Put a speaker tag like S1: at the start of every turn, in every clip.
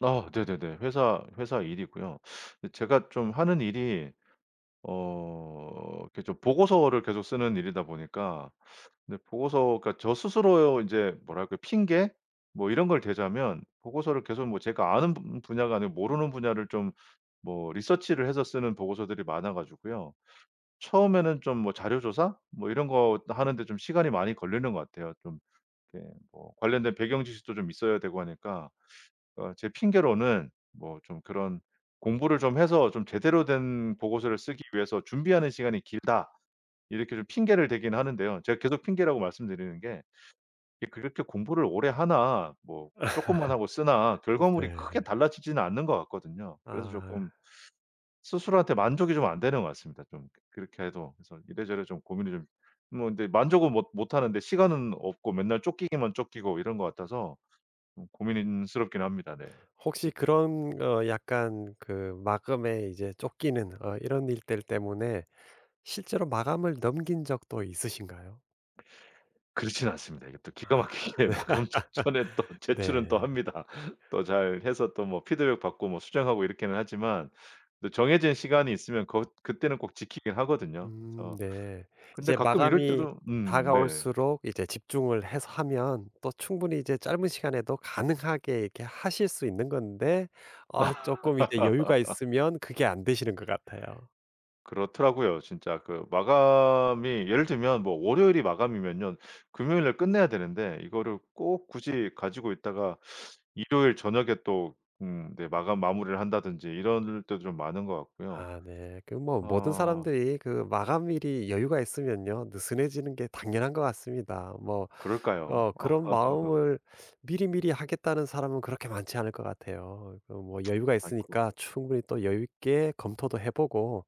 S1: 아. 네네네. 회사 회사 일이고요. 제가 좀 하는 일이 어 이렇게 좀 보고서를 계속 쓰는 일이다 보니까 근데 보고서가 저 스스로 인제 뭐랄까 핑계? 뭐 이런 걸 대자면 보고서를 계속 뭐 제가 아는 분 분야가 아니고 모르는 분야를 좀 뭐 리서치를 해서 쓰는 보고서들이 많아 가지고요. 처음에는 좀 뭐 자료 조사 뭐 이런 거 또 하는데 좀 시간이 많이 걸리는 것 같아요. 좀 이렇게 뭐 관련된 배경 지식도 좀 있어야 되고 하니까 어 제 핑계로는 뭐 좀 그런 '공부를 좀 해서 좀 제대로 된 보고서를 쓰기 위해서 준비하는 시간이 길다.' 이렇게 좀 핑계를 대기는 하는데요. 제가 계속 핑계라고 말씀드리는 게 이 그렇게 공부를 오래 하나 뭐 쪼끔만 하고 쓰나
S2: 음
S1: 결과물이
S2: 네.
S1: 크게 달라지지는 않는 것 같거든요. 그래서 조금
S2: 아.
S1: 스스로한테 만족이 좀 안 되는 것 같습니다 좀 그 그렇게 해도. 그래서 이래저래 좀 고민이 좀 뭐 근데 만족은 못 못하는데 시간은 없고 맨날 쫓기기만 쫓기고 이런 것 같아서 좀 고민스럽긴 합니다. 네.
S2: 혹시 그런 어 약간 그 마감에 이제 쫓기는 어 이런 일들 때문에 실제로 마감을 넘긴 적도 있으신가요?
S1: 그렇진 않습니다. 이게 또 기가
S2: 아.
S1: 막히게 마감 전에 또 제출은 또
S2: 네.
S1: 합니다. 또 잘해서 또 뭐 피드백 받고 뭐 수정하고 이렇게는 하지만 또 정해진 시간이 있으면 것 그때는 꼭 지키긴 하거든요.
S2: 음
S1: 그래서
S2: 네.
S1: 근데
S2: 이제
S1: 가끔 이럴
S2: 마감이
S1: 때도 음. 네.
S2: 다가올수록 이제 집중을 해서 하면 또 충분히 이제 짧은 시간에도 가능하게 이렇게 하실 수 있는 건데 아 쪼끔 이제 여유가 있으면 그게 안 되시는 것 같아요.
S1: 그렇더라고요. 진짜 그 마감이 예를 들면 뭐 월요일이 마감이면요. 금요일 날 끝내야 되는데 이거를 꼭 굳이 가지고 있다가 일요일 저녁에 또 음 네 마감 마무리를 한다든지 이럴 때도 좀 많은 것 같고요.
S2: 아 네. 그 뭐 모든
S1: 어.
S2: 사람들이 그 마감일이 여유가 있으면요 느슨해지는 게 당연한 것 같습니다. 뭐
S1: 그럴까요?
S2: 어 그런 마음을 미리미리 하겠다는 사람은 그렇게 많지 않을 것 같아요. 그 뭐 여유가
S1: 아이코.
S2: 있으니까 충분히 또 여유 있게 검토도 해 보고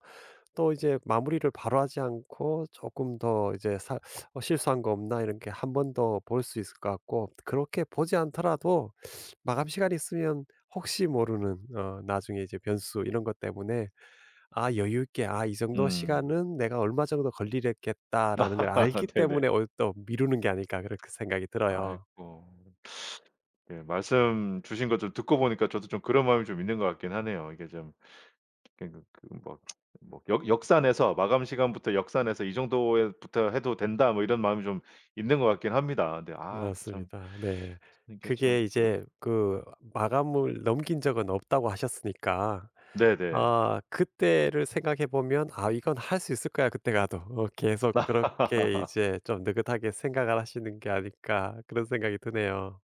S2: 또 이제 마무리를 바로 하지 않고 조금 더 이제 사 '어 실수한 거 없나?' 이렇게 1 번 더 볼 수 있을 것 같고 그렇게 보지 않더라도 마감 시간이 있으면 혹시 모르는 어 나중에 이제 변수 이런 것 때문에 '아 여유 있게 아 이 정도
S1: 음.
S2: 시간은 내가 얼마 정도 걸리랬겠다.'라는 걸 알기 때문에
S1: 네네.
S2: 어 또 미루는 게 아닐까 그렇게 생각이 들어요.
S1: 아이고. 예. 말씀 주신 거 좀 듣고 보니까 저도 좀 그런 마음이 좀 있는 것 같긴 하네요. 이게 좀 그 그 막 뭐 '역 역산해서 마감 시간부터 역산해서 이 정도의 부터 해도 된다.' 뭐 이런 마음이 좀 있는 것 같긴 합니다. 근데 아 근데 참
S2: 맞습니다. 네.
S1: 쓰는 게 참
S2: 그게
S1: 그
S2: 이제 그 마감을 넘긴 적은 없다고 하셨으니까
S1: 네네.
S2: 어 그때를 생각해 보면 '아 이건 할 수 있을 거야 그때 가도.' 어 계속 그렇게 이제 좀 느긋하게 생각을 하시는 게 아닐까 그런 생각이 드네요.